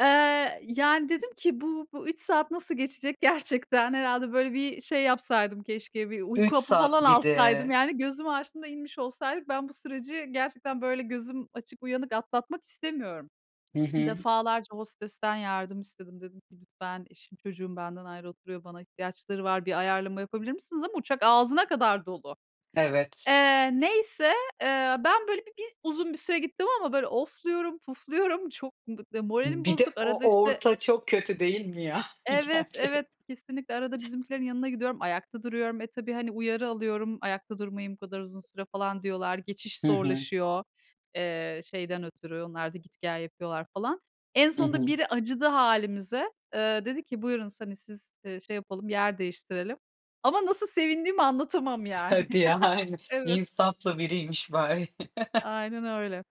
Eee, yani dedim ki, bu, bu 3 saat nasıl geçecek gerçekten? Herhâlde böyle, bir şey, yapsaydım keşke, bir uyku 3 hapı falan saat bir alsaydım de. yani. Gözümü açtığımda inmiş olsaydık. Ben bu süreci gerçekten böyle gözüm açık, uyanık atlatmak istemiyorum. Hı hı. Defalarca hostesten yardım istedim. Dedim ki, "Lütfen, eşim, çocuğum benden ayrı oturuyor, bana ihtiyaçları var, bir ayarlama yapabilir misiniz?" Ama uçak ağzına kadar dolu. Evet. Eee, neyse, eee, ben böyle bi bir z uzun bir süre gittim ama böyle ofluyorum, pufluyorum. Çok bı d moralim Bir de bozuk. Arada o işte orta, çok kötü değil mi ya Evet, evet, gerçekten? kesinlikle arada bizimkilerin yanına gidiyorum, ayakta duruyorum. E, tabii, hani, uyarı alıyorum, ayakta durmayın bu kadar uzun süre falan diyorlar. Geçiş Hı hı. zorlaşıyor, eee, şeyden ötürü. Onlar da, git gel yapıyorlar falan. En Hı sonunda hı. biri acıdı hâlimize. Eee, dedi ki, buyurun s hani siz, eee, şey yapalım, yer değiştirelim ama nasıl sevindiğimi anlatamam yani. Hadi, yani Evet. insaflı biriymiş bari. Aynen öyle.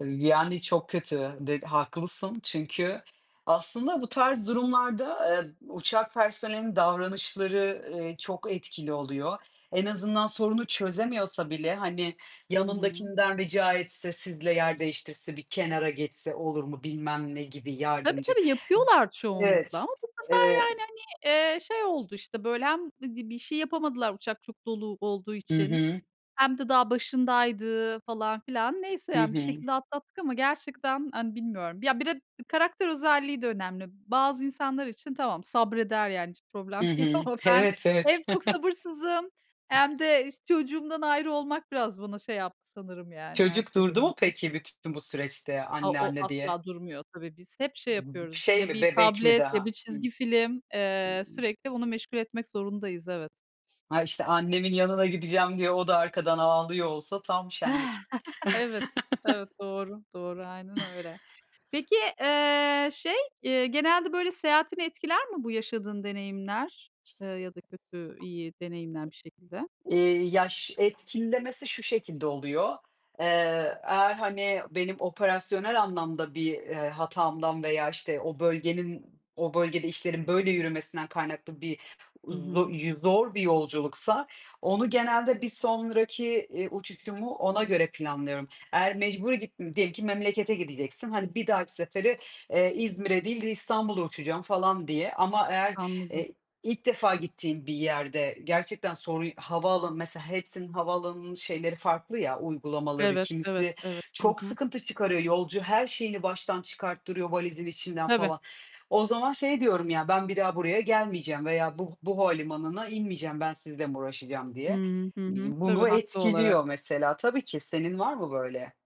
Iıı, yani çok kötü, de haklısın çünkü aslında bu tarz durumlarda, eee, uçak personelinin davranışları, ııı, çok etkili oluyor. En azından sorunu çözemiyorsa bile, hani, Hı hı. yanındakinden rica etse, sizle yer değiştirse, bir kenara geçse olur mu? Bilmem ne gibi Tabii, yardımcı tabii, yapıyorlar çoğunlukla Evet, ama bu sefer eee yani, hani, eee, şey oldu, işte böyle, hem bir d bir şey yapamadılar uçak çok dolu olduğu Hı için, hı. hem de daha başındaydı falan filan. Neyse Hı yani, bir hı. şekilde atlattık ama gerçekten, hani, bilmiyorum. Ya, bir de karakter özelliği de önemli. Bazı insanlar için tamam, sabreder yani hiç Hı problem değil hı. ama ben Evet, hem evet. çok sabırsızım, hem de iş çocuğumdan ayrı olmak, biraz bana şey yaptı sanırım, yani, her Çocuk şeyden durdu mu önce. peki bütün bu süreçte, A, anne, o anne asla diye? durmuyor tabii, biz hep şey B b yapıyoruz: şey Ya mi bir bebek mi tablet ya bir daha? Hı. He. çizgi film. Eee, sürekli onu meşgul etmek zorundayız, evet. Ha işte, annemin yanına gideceğim diye o da arkadan ağlıyor olsa tam şenlik. Evet, evet doğru, doğru aynen öyle. Peki, eee, şey, eee, genelde böyle seyahatini etkiler mi bu yaşadığın deneyimler, eee, ya da kötü, iyi deneyimler bir şekilde? Hı. Eee, ya ş etkilemesi şu şekilde oluyor, eee, eğer, hani, benim operasyonel anlamda bir, eee, hatamdan veya işte o bölgenin o bölgede işlerin böyle yürümesinden kaynaklı bir Hı zo hı. yü zor bir yolculuksa, onu genelde bir sonraki, eee, uçuşumu ona göre planlıyorum. Eğer mecburi git diyelim ki memlekete gideceksin, hani, bir dahaki sefere, eee, İzmir'e değil de İstanbul'a uçacağım falan diye. Ama eğer, Anladım. eee, ilk defa gittiğin bir yerde gerçekten sorun havaalanı mesela hepsinin havaalanının şeyleri farklı ya, uygulamaları. Evet, evet, Kimisi evet. Hı çok hı. sıkıntı çıkarıyor. Yolcu her şeyini baştan çıkarttırıyor, valizin içinden Tabii. falan. O zaman şey diyorum ya "Ben bir daha buraya gelmeyeceğim veya bu bu havalimanına inmeyeceğim, ben sizle mi uğraşacağım." diye. Hıı, hı Eee, hı. Tabii, bunu haklı olarak. etkiliyor mesela tabii ki, senin var mı böyle?